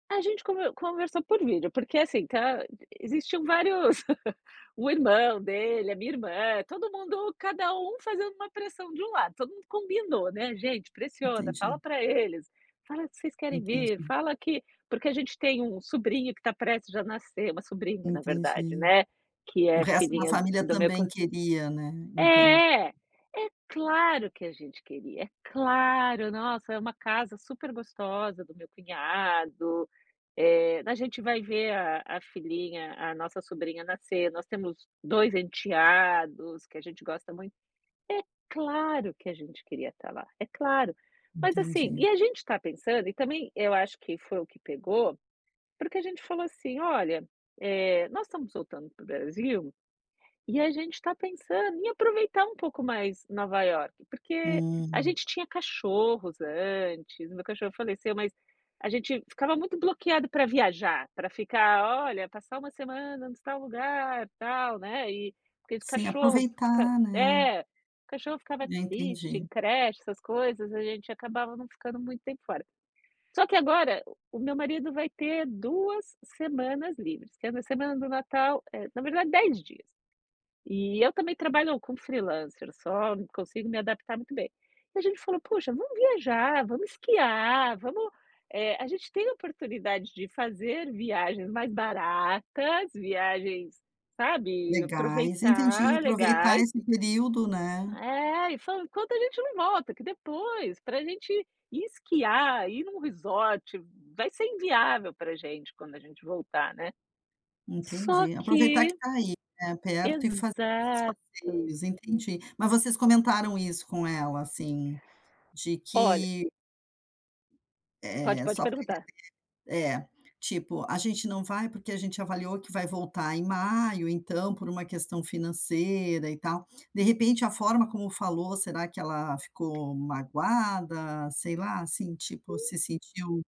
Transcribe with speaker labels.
Speaker 1: A gente conve conversou por vídeo. Porque, assim, tá existiam vários o irmão dele, a minha irmã, todo mundo cada um fazendo uma pressão de um lado, todo mundo combinou, né: "Gente, pressiona, fala
Speaker 2: Entendi.
Speaker 1: para eles, fala que vocês querem vir,
Speaker 2: Entendi.
Speaker 1: fala que" Porque a gente tem um sobrinho que está prestes a nascer, uma sobrinha, na verdade,
Speaker 2: Entendi.
Speaker 1: né, que
Speaker 2: O
Speaker 1: é
Speaker 2: resto da
Speaker 1: filhinha do
Speaker 2: família
Speaker 1: do meu co
Speaker 2: também queria, né. Entendi.
Speaker 1: É, é claro que a gente queria, é claro, nossa, é uma casa super gostosa do meu cunhado, eh, a gente vai ver a a filhinha, a nossa sobrinha nascer, nós temos 2 enteados que a gente gosta muito. É claro que a gente queria estar lá, é claro. Mas, assim
Speaker 2: Entendi.
Speaker 1: e a gente está pensando, e também eu acho que foi o que pegou, porque a gente falou assim: "Olha, eh, nós estamos voltando para o Brasil, e a gente está pensando em aproveitar um pouco mais Nova Iorque". Porque a
Speaker 2: Hum.
Speaker 1: gente tinha cachorros antes, o meu cachorro faleceu, mas a gente ficava muito bloqueado para viajar, para ficar: "Olha, passar uma semana em tal lugar, tal", né, e [unintelligible]
Speaker 2: Sim,
Speaker 1: cachorro fica
Speaker 2: aproveitar, né.
Speaker 1: é, o cachorro ficava
Speaker 2: É,
Speaker 1: triste
Speaker 2: entendi.
Speaker 1: em creche, essas coisas, a gente acabava não ficando muito tempo fora. Só que agora, o meu marido vai ter 2 semanas livres, tendo a semana do Natal, eh, na verdade 10 dias. E eu também trabalho como freelancer só, não consigo me adaptar muito bem. E a gente falou: "Poxa, vamos viajar, vamos esquiar, vamos" Eh, a gente tem oportunidade de fazer viagens mais baratas, viagens, sabe,
Speaker 2: Legais, entendi,
Speaker 1: aproveitar,
Speaker 2: aproveitar
Speaker 1: legais
Speaker 2: esse período, né.
Speaker 1: É, e falando enquanto a gente não volta, que depois, para gente ir esquiar, ir num resort, vai ser inviável para gente quando a gente voltar, né. Só
Speaker 2: Entendi, aproveitar que
Speaker 1: que
Speaker 2: está aí, né, perto e fazer esses
Speaker 1: Exato.
Speaker 2: passeios, entendi. Mas vocês comentaram isso com ela, assim, de
Speaker 1: Olha
Speaker 2: que
Speaker 1: Pode
Speaker 2: Eh,
Speaker 1: pode
Speaker 2: só pra entender
Speaker 1: perguntar.
Speaker 2: É, tipo, a gente não vai porque a gente avaliou que vai voltar em maio, então, por uma questão financeira e tal. De repente, a forma como falou, será que ela ficou magoada, sei lá, assim, tipo, se sentiu